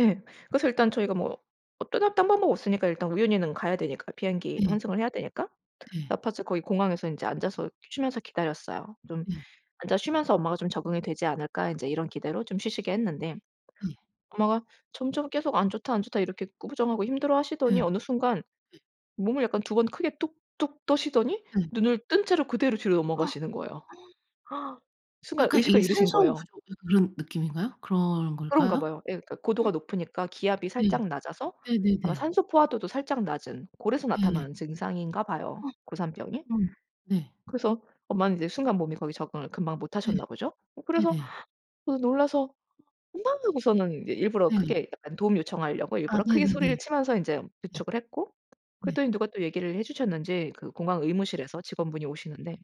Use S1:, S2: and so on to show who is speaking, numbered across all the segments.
S1: 예. 그래서 일단 저희가 뭐 어 떠날 딴 방법 없으니까 일단 우유니는 가야 되니까, 비행기
S2: 예.
S1: 환승을 해야 되니까
S2: 네.
S1: La Paz 거기 공항에서 인제 앉아서 쉬면서 기다렸어요. 좀
S2: 네.
S1: '앉아 쉬면서 엄마가 좀 적응이 되지 않을까.' 인제 이런 기대로 좀 쉬시게 했는데
S2: 예.
S1: 엄마가 점점 계속 안 좋다, 안 좋다. 이렇게 구부정하고
S2: 예.
S1: 힘들어하시더니 어느 순간
S2: 네.
S1: 몸을 약간 2 번 크게 뚝뚝 떠시더니
S2: 네.
S1: 눈을 뜬 채로 그대로 뒤로 넘어가시는 거예요. 순간
S2: 약간
S1: 의식을
S2: 이게
S1: 잃으신
S2: 산소
S1: 거예요.
S2: 부족 약간 그런 느낌인가요? 그런
S1: 그런가
S2: 걸까요?
S1: 봐요 예 그러니까 고도가 높으니까 기압이
S2: 네.
S1: 살짝 낮아서 아마
S2: 네네네.
S1: 산소 포화도도 살짝 낮은 그래서
S2: 네.
S1: 나타나는 증상인가 봐요 고산병이.
S2: 음 네.
S1: 그래서 엄마는 인제 순간 몸이 거기 적응을 금방
S2: 네
S1: 못하셨나 보죠? 어 그래서
S2: 네네.
S1: 놀라서 엄마 하고서는 인제 일부러
S2: 네.
S1: 크게 도움 요청하려고
S2: 아
S1: 일부러 크게 소리를
S2: 네네네.
S1: 치면서 인제
S2: 네.
S1: 부축을 했고
S2: 네.
S1: 그랬더니 누가 또 얘기를 해주셨는지 그 공항 의무실에서 직원분이 오시는데.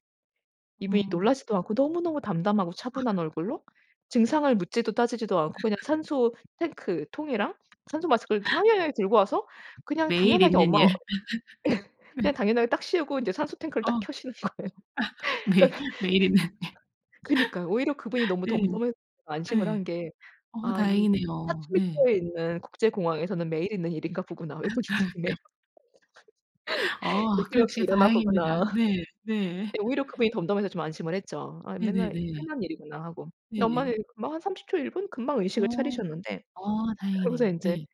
S1: 이분이
S2: 아.
S1: 놀라지도 않고 너무너무 담담하고 차분한 얼굴로 증상을 묻지도 따지지도 않고 그냥 산소 탱크 통이랑 산소마스크를 당연하게 들고 와서 그냥
S2: 매일
S1: 당연하게
S2: 있는
S1: 엄마
S2: 일. 네.
S1: 그냥 당연하게 딱 씌우고 이제 산소 탱크를
S2: 아
S1: 딱 켜시는 거예요.
S2: 매일,
S1: 그러니까,
S2: 매일 있는
S1: 그니까요. 오히려 그분이 너무
S2: 일.
S1: 덤덤해
S2: 네.
S1: 안심을 한
S2: 네.
S1: 게
S2: 어
S1: 아 이
S2: 다행이네요. 네.
S1: 파트리카에 있는 국제공항에서는 매일 있는 일인가 보구나
S2: 아
S1: 외국인들에게.
S2: 그럼요. 어
S1: 얘 또 역시
S2: 그렇지.
S1: 이러나
S2: 다행입니다.
S1: 보구나.
S2: 네. 네.
S1: 네 오히려 그분이 덤덤해서 좀 안심을 했죠 아 맨날
S2: 네네네.
S1: 흔한 일이구나 하고. 근데 엄마는
S2: 예예.
S1: 금방 한 30 초 1 분? 금방 의식을
S2: 어.
S1: 차리셨는데
S2: 어
S1: 그러면서
S2: 다행이네요.
S1: 인제
S2: 네.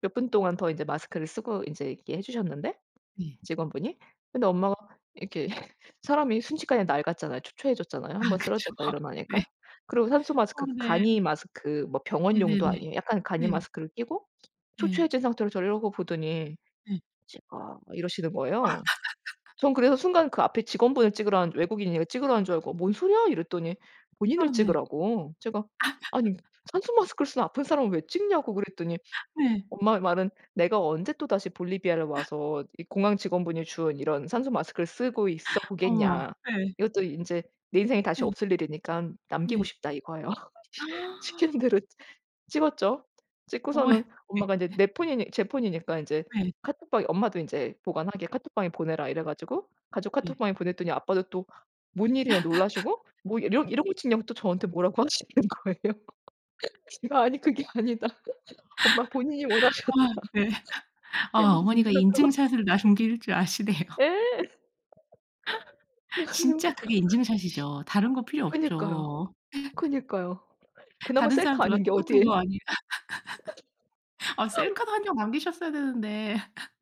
S1: 몇 분 동안 더 인제 마스크를 쓰고 인제 있게 해주셨는데
S2: 네.
S1: 직원분이 근데 엄마가 이렇게 사람이 순식간에 낡았잖아요, 초췌해졌잖아요
S2: 아
S1: 1 번
S2: 그쵸.
S1: 쓰러졌다
S2: 네.
S1: 일어나니까. 그리고
S2: 아
S1: 산소마스크 그 간이
S2: 네.
S1: 마스크 뭐 병원용도
S2: 네네네.
S1: 아니에요 약간 간이
S2: 네.
S1: 마스크를 끼고
S2: 네.
S1: 초췌해진 상태로 저를 이러고 보더니
S2: 네.
S1: "찍어." 막 이러시는 거예요. 전 그래서 순간 그 앞에 직원분을 찍으라는 줄 외국인 이거 찍으라는 하는 줄 알고 "뭔 소리야?" 이랬더니
S2: 아
S1: 본인을
S2: 네.
S1: 찍으라고. 제가 아니 산소마스크를 쓰는 아픈 사람을 왜 찍냐고 그랬더니
S2: 네.
S1: 엄마의 말은 내가 언제 또다시 볼리비아를 와서 이 공항 직원분이 준 이런 산소마스크를 쓰고 있어
S2: 어머
S1: 보겠냐.
S2: 네.
S1: 이것도 인제 내 인생에 다시
S2: 네.
S1: 없을 일이니깐 남기고
S2: 네.
S1: 싶다 이거예요. 시키는 대로 찍었죠. 찍고서는
S2: 어머야.
S1: 엄마가 인제
S2: 네.
S1: 내 폰이니 제 폰이니까 인제
S2: 네.
S1: 카톡방에 엄마도 인제 보관하게 카톡방에 보내라 이래 가지고 가족
S2: 네.
S1: 카톡방에 보냈더니 아빠도 또 뭔 일이냐 놀라시고 뭐 이런 이런 거 찍냐고 또 저한테 뭐라고 하시는 거예요. 제가 아니 그게 아니다. 엄마 본인이
S2: 아
S1: 원하셨다.
S2: 네. 아 어머니가
S1: [unintelligible]
S2: 인증샷을 남길 줄 아시네요.
S1: 예. 그래가지고
S2: 진짜 그게 인증샷이죠. 다른 거 필요
S1: 그니까요,
S2: 없죠.
S1: 그니까요. 그나마
S2: 다른
S1: 셀카
S2: 사람들과
S1: 아닌 게
S2: 똑같은
S1: 어디에요.
S2: 거 아니에 아 셀카도 1 장 남기셨어야 되는데